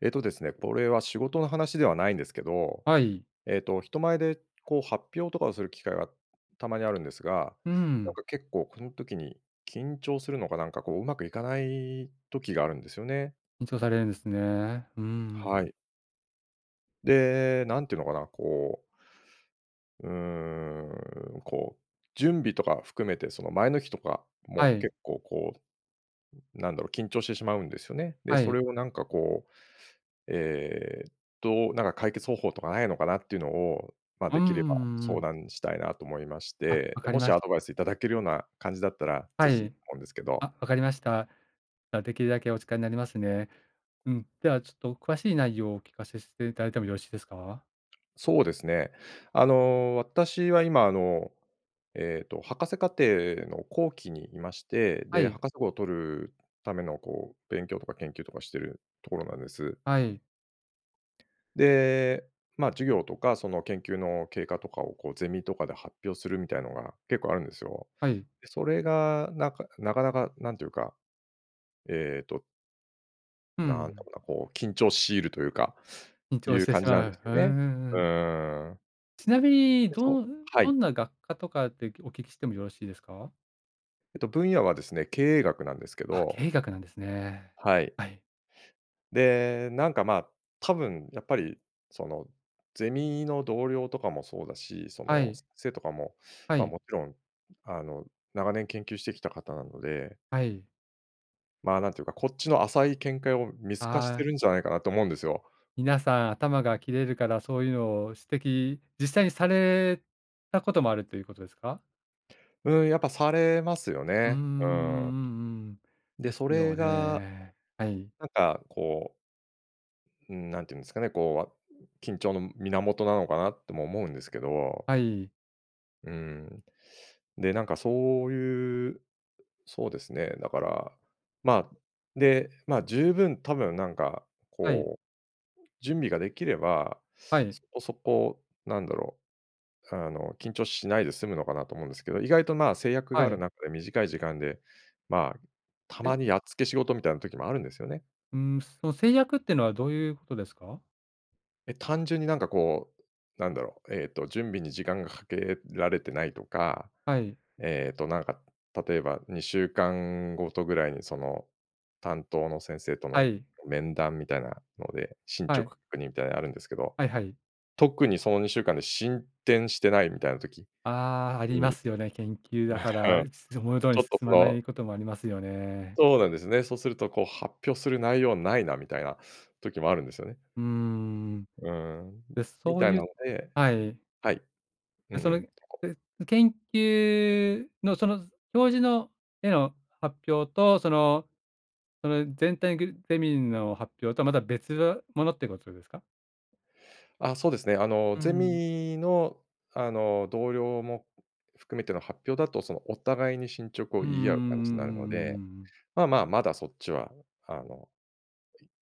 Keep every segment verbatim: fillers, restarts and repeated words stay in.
えっとですね、これは仕事の話ではないんですけど。はい。ええと、人前でこう、発表とかをする機会がたまにあるんですが、うなんん。か結構この時に緊張するのかなんかこう、うまくいかない時があるんですよね。緊張されるんですね。うん。はい。で、なんていうのかな、こううーん、こう、準備とか含めて、その、前の日とかもはい。結構こう、ん、なんだろう、緊張してしまうんですよね。で、はそい。れをなんかこう、ええと、なんか解決方法とかないのかなっていうのを、ま、うんうでんうきればんうんう相ん。談したいなと思いましあ、て、わで、かりもしましアた。ドバイスいただけるような感じだったら、はぜひい。思うんですけあ、ど。わかりました。あ、できるだけお力になりますね。うん、ではちょっと詳しい内容をお聞かせしていただいてもよろしいですか？そうですね。あの、私は今あの、ええと、博士課程の後期にいまして、はでい。博士号を取るためのこう、勉強とか研究とかしてるところなんです。はい。で、ま、授業とかその、研究の経過とかをこう、ゼミとかで発表するみたいなのが結構あるんですよ。はい。で、それがなんかなかなかなんていうか、えっとうなんだん。ろうな、こう緊張を強いるというか、緊い張しうて感しじなんまですう。うよんね。うんううん。ん。ちなみに [unintelligible] どうはどい。んな学科とかってきお聞きしてもよろしいですか？えっと分野はですね、経営学なんですけあ、ど。経営学なんですね。はい。はい。で、なんか、まあ、多分やっぱりその、ゼミの同僚とかもそうだし、そはの、い。せせいとかもはま、い。勿論あの、長年研究してきた方なので。はい。ま、なんていうか、こっちの浅い見解を見透かしあてるあ。んじゃないかなと思うんですよ。皆さん頭が切れるからそういうのを指摘、実際にされたこともあるということですか？ん、やっぱされますようーん、うんうね。うん。んうん。で、ですそれよがね。はい。なんか、こううーん、なんて言うんですかね、こう、わ緊張の源なのかなとも思うんですけど。はい。うん。で、なんかそういうそうですね。だから、まあ、で、まあ、十分、多分なんか、はい。こう、準備ができれば、はい。そこそこ、何だろう、あの、緊張しないで済むのかなと思うんですけど、意外と、まあ、制約はがあるい。中で短い時間で、まあ、たえ？まにやっつけ仕事みたいな時もあるんですよね。うーん。その制約っていうのはどういうことですか？え、単純になんかこう、何だろう、えっと、準備に時間がかけられてないとか、はい。えっと、なんか、例えばにしゅうかんごとぐらいに、その、担当の先生とはのい。面談みたいなので、進は捗い。確認みたいなあるんですけど、はいはい。特にそのにしゅうかんで進展してないみたいな時ああ、ありまに、すよね、研究だから、すて、思う通りちにょっ進とそまなのいこともありますよね。そうなんですね。そうするとこう発表する内容ないな、みたいな時もあるんですよね。うーん。うーん、ん、で、みそうたいいなうのではい。はい。うで、んうそん。れ、けっこうえ、研究のその教授のへの発表とそのその全体グルゼミの発表とは、また別物ってことですか？あ、そうですね、あの、うゼん。ミのあの、同僚も含めての発表だと、その、お互いに進捗をうんうんう言んうんうんい合う感うじになるので、んうんうん。まあまあ、まだそっちはあの、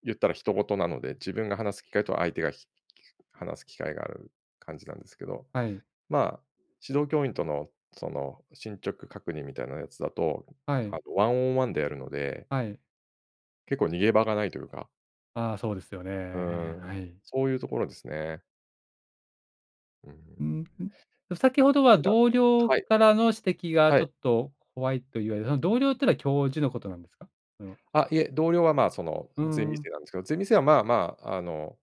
言ったら他人事なので、自分が話す機会と相手がきき話す機会がある感じなんですけど。はい。ま、指導教員とのその進捗確認みたいなやつだと、はあい。のワンオンワンでやるのではい。結構逃げ場がないというかああ、そうですよね。へうえ、はん。い。そういうところですね。うーん。うん、ん、え、先ほどは 「同僚はい。からの指摘がはちょい。っと怖い」と言われ、その同僚っていうのは教授のことなんですか？その。あ、いえ、同僚はま、その、うゼミ生ん。なんですけど。ゼミ生はまあまあ、あの、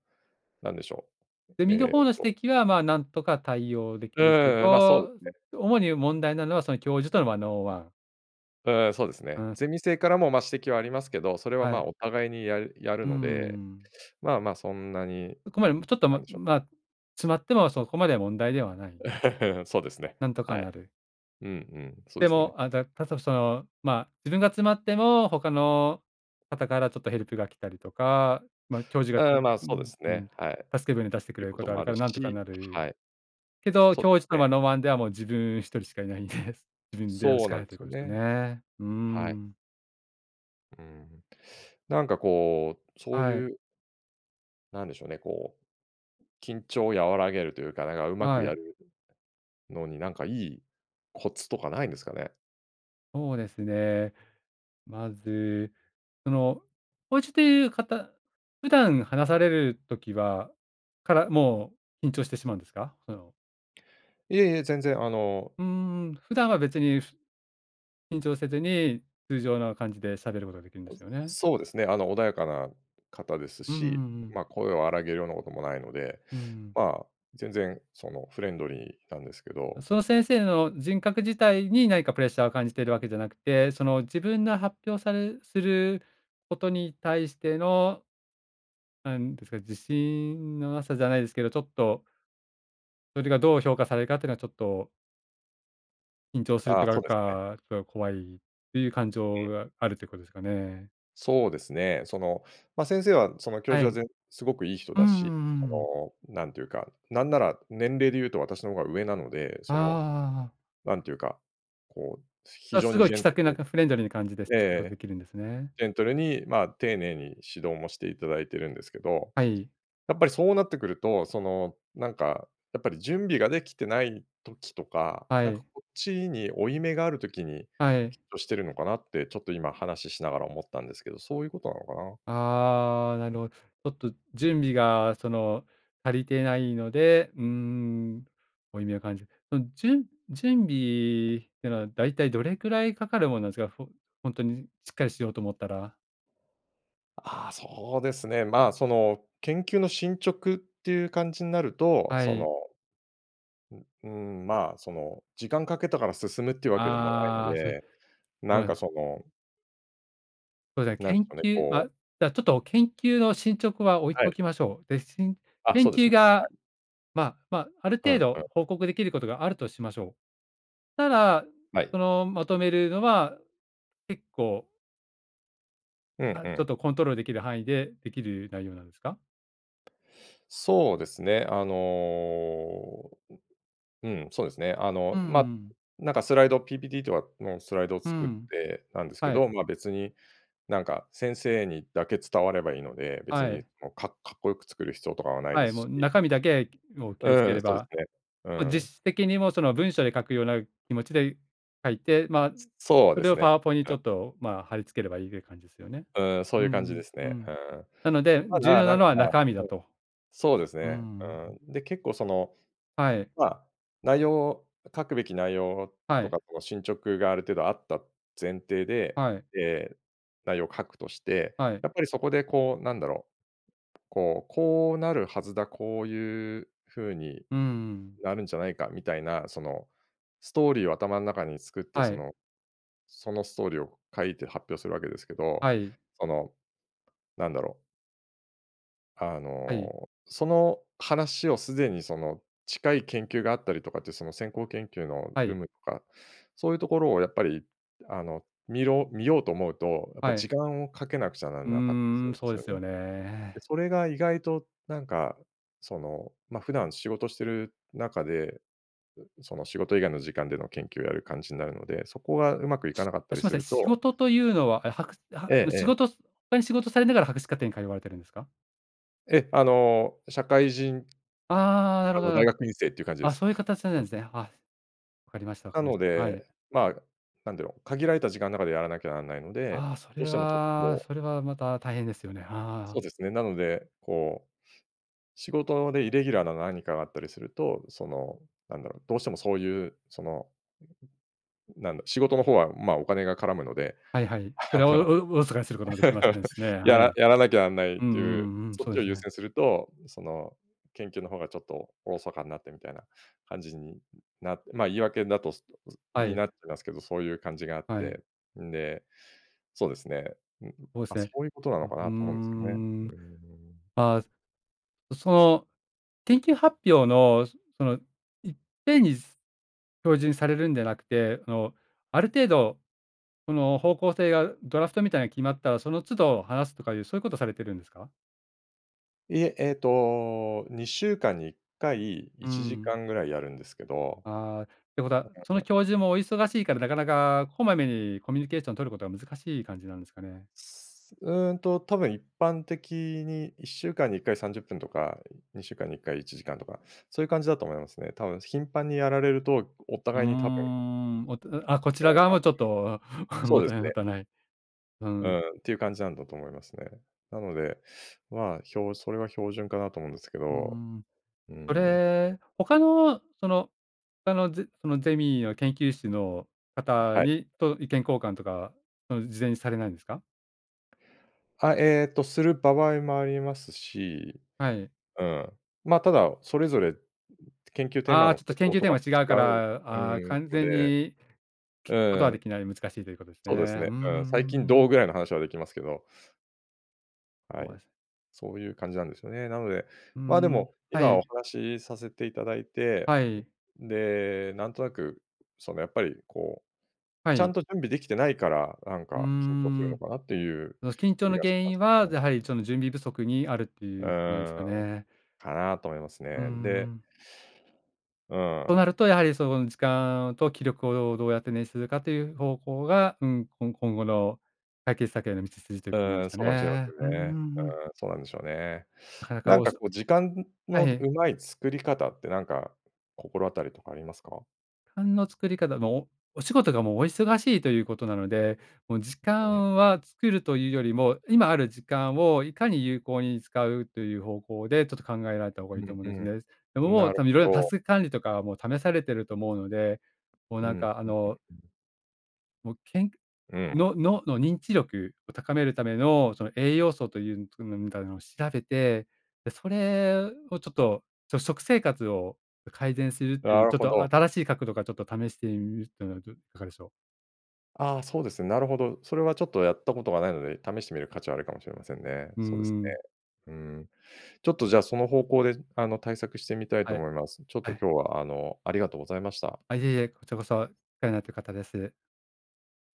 なんでしょう、ゼミのえっ方の指と摘はまあ、何とか対応でうきんるけうんうん、ま、そうでど、すね。主に問題なのはその教授とのワンオンワン。ああ、そうですうね。ん。ゼミ生からも、ま、指摘はありますけど、それははま、い。お互いにやるやうるので、ん。まあまあ、そんなに、ここまで、ちょっとなもんでしょうね。ま、詰まってもそこまでは問題ではない。そうですね。なんとかはい。なる。うんうん、そうでですね。も、あの、だだと、その、ま、自分が詰まっても他の方からちょっとヘルプが来たりとか。ま、教授が、ちああ、ょま、ふそうでんすふね。ん、はい。助け船出してくいれうるここととがあもるあかるらなんとかし、なる。はい。けど、そ教授うとのね。ワンオンワンではもう自分一人しかいないんです。自分でやるそしうかななんいといすうこよとですよね。ね。うはい。ん。うん。なんかこう、そうはいい。うなんでしょうね、こう、緊張を和らげるというか、なんかうまくはやい。るのになんかいいコツとかないんですかね。そうですね。まず、その、おうちという方普段話される時はから、もう、緊張してしまうんですか？その。いえいえ、全然あのうーん。普段は別にふ緊張せずに、通常の感じで喋ることができるんであ、すよね。そうですね。あの、穏やかな方ですうんうし、んうん。ま、声を荒げるようなこともないので、うん。まあ、全然そのフレンドリーなんですけど。その先生の人格自体に何かプレッシャーを感じているわけじゃなくて、その自分が発表されすることに対しての何ですか、自信の無さじゃないですけど、ちょっとそれがどう評価されるかってのがちょっと緊張するとあ、なそんうですね。か、ちょっと怖いっていう感え情え。があるということですかね。そうですね、その、ま、先生はその教は授は、い。ぜすごくいい人うんだうし、んうんうん。その、なんていうか、なんなら年齢で言うと私の方が上なので、あその、あ。なんていうか、こう、非あ、常すにごいジ気ェンさトくな、ルかフレンドリーな感じで、しえ仕事出え、来るんですね。ジェントルに、ま、丁寧に指導もしていただいているんですけど、はい。やっぱりそうなってくると、その、なんかやっぱり準備が出来てない時とか、はなんかい。こっちに負い目がある時に、はい。きっとしているのかなって、ちょっと今話しながら思ったんですけど。そういうことなのかな。ああ、なるほど。ちょっと準備が、その、足りてないので、うーん、負い目を感じる。その、準準備っていうのはだいたいどれくらいかかるものなんですか？ほほんとにしっかりしようと思ったら。あ、そうですね。ま、その、研究の進捗っていう感じになると、はその、い。ううん、ま、その、時間かけたから進むというわけでもないのああ、そうですで、ね、すなごんかい。そのそうですなんね、研かね、究、こま、うちょっと研究の進捗は置いはい。ときましょう。で、しんあ、研そうです究ね。はがい。まま、あるうん程う度ん。報告出来ることがあるとしましょう。ただ、はそい。の、まとめるのは結構ええあ、ちえょっえ。とコントロールできる範囲でできる内容なんですか？そうですね。あのう、うん、そうですね。あうの、んうま、ん。なんかスライド PPT とかのスライドをう作っん、てたんですけはい。ど、ま、別になんか先生にだけ伝わればいいので、別はにい。の、かかっこよく作る必要とかはないはでい、もすうし。中身だけをう気をつけんうん、れそうでば、すね。うま、ん。実質的にも、その、文章で書くような気持ちで書いて、ま、つそうそでれすをね。パワポにちあ。ょっと、ま、貼り付ければいいで感じですよね。うん、そうういんうう感じでん、すうね。ん。うん。なのでた重だ要ななんか、のは中身だとと。そうですうんうね。んうん。うん。で、結構その、はい。まあ、内容書くべき内容はとかい。の進捗がある程度あった前提で、はい。ええ、内容を書くとして、はい。やっぱりそこでこうなんだろう、こう、こうなるはずだ、こういう風にうんうんうん。なるんじゃないかみたいな、その、ストーリーを頭の中に作って、そはい。のそのストーリーを書いて発表するわけですけど、はい。その、なんだろうあはい。の、その話をすでにその、近い研究があったりとかって、その、先行研究のは有い。無とか、そういうところをやっぱり、あの、見ろ見ようと思うと、やっぱは時い。間をかけなくちゃならうなかったりすーるん、んでそうすでよすね。よで、ね。それが意外となんか、その、ま、普段仕事している中で、その、仕事以外の時間での研究をやる感じになるので、そこがうまくいかなかったあ、すりいますせん、ると仕事というのは、え、はかあええは仕ええ。事他に仕事されながら博士課程に通われているんですか？ええ、あの、社会人あ、なるあほの、...どな大るほ学院生っていう感じでど。あ、す。そういう形なんです ね。あ、わかりましたわかなりまのしたはい。で、ま、なんだろう、限られた時間の中でやらなきゃなんないので、あ、そどうれしてもちょっとはこうそれはまた大変ですよね。あ。そうですね、なので、こう、仕事でイレギュラーな何かがあったりすると、その、なんだろう、どうしてもそういう、その、なんだ、仕事の方はま、お金が絡むので、はいはい。それあの、をお疎かにすることもできませんしね。はやらい。やらなきゃなんないっうんていう、うんうん、そっそうちでをす優ね。先すると、その、研究の方がちょっと疎かになってみたいな感じになって、ま、言い訳だとすっとはにい。なっちゃいますけど、そういう感じがあっはい。て、んで、そうですね、うーん、そうでま、すそね。ういうことなうのうかーなと思うんですけどね。ん。うん。ああ。うその研究発表のそのいっぺんに教授にされるんじゃなくて、あの、ある程度その方向性がドラフトみたいに決まったら、その都度話すとかいうそういうことされているんですか？いえ。えっと、いっしゅうかんにいっかいうーいちじかん。んぐらいやるんですけど。ああ、ってことは、その教 授もお忙しいから、なかなかこまめにコミュニケーションを取ることは難しい感じなんですかね。すうーんと、多分一般的に、いっしゅうかんにいっかいさんじゅっぷんとかにちゅうかんにいっかいいちじかんとか、そういう感じだと思いますね。多分頻繁にやられると、おうー互いに多分ん。おとあ、こちらなん側かもちょっと、そ持うでたすない持ね。たない。ううん。ーんっていう感じなんだと思いますね。なので、まあ、ひょそれは標準かなと思うんですけうーど。ん。うーそん。れ、他のその、他のゼそのゼミをけんきゅうしのあ、方はい。に、と意見交換とか事前にされないんですか？はい、えっと、するばわいもありますし、はい。うん。ま、ただ、それぞれ、研究テーマああ、のちょ方っと研向究とテーかマ違うかも違う、ら、うああ、ーん、完の全で。に聞こうとは出ん。来ない。難しいということですね。そううですんうんうね。うーん。最近んうどう、ん。ぐらいの話はできますけどはい。そういう感じなんですよね。なので、うーま、でん。も、は今おい。話しさせていただいて、はい。で、なんとなく、そのやっぱりこう、はちゃんい。と準備できてないから、なんうーか緊張するのん。かなっていう 緊張気のがし原ま因すはやは り、その準備不足にあるってういうことなんですーかん。ね。かな、と思いますうんね。うでん。うとなん。ると、やはり、その時間と気力をどうやってねんしゅするかという方向が、うん。こん今後の解決策への道筋といううことなんでーん。すかそうかもしれませね。うんんうね。んうん。うーん。そうなんでしょうね。なかなか、なおんいかそこう、時間はのい。上手い作り方ってなんか心当たりとかありますか？かんの作り方の、おお仕事がもう、お忙しいということなので、もう時うーん。間は作るというよりも、今ある時間をいかに有効に使うという方向で、ちょっと考えられた方がういいと思うんですんね。でうも、ん。もなうる多分色々、タど。ス管理とかは、もう試されていると思うので、もううなんーん。か、あの もう、けんうん。の脳の認知力を高めるための、その栄養素という、みたいなのを調べて、で、それをちょっと、ちょ食生活を改善するとないう、るちょっほとど。新しい角度からちょっと試してみるというのは、どいかがでしょう。ああ、そうです。なるほど。それはちょっとやったことがないので、試してみる価値はあるかもしれませんね。うーそうですん。ね。うーん。ちょっとじゃあ、その方向であの、対策してみたいとはい、思います。ちょっはとい。今日はあの、ありがとうございました。あ、いえいえ。こちらこそ、お世話になってる方です。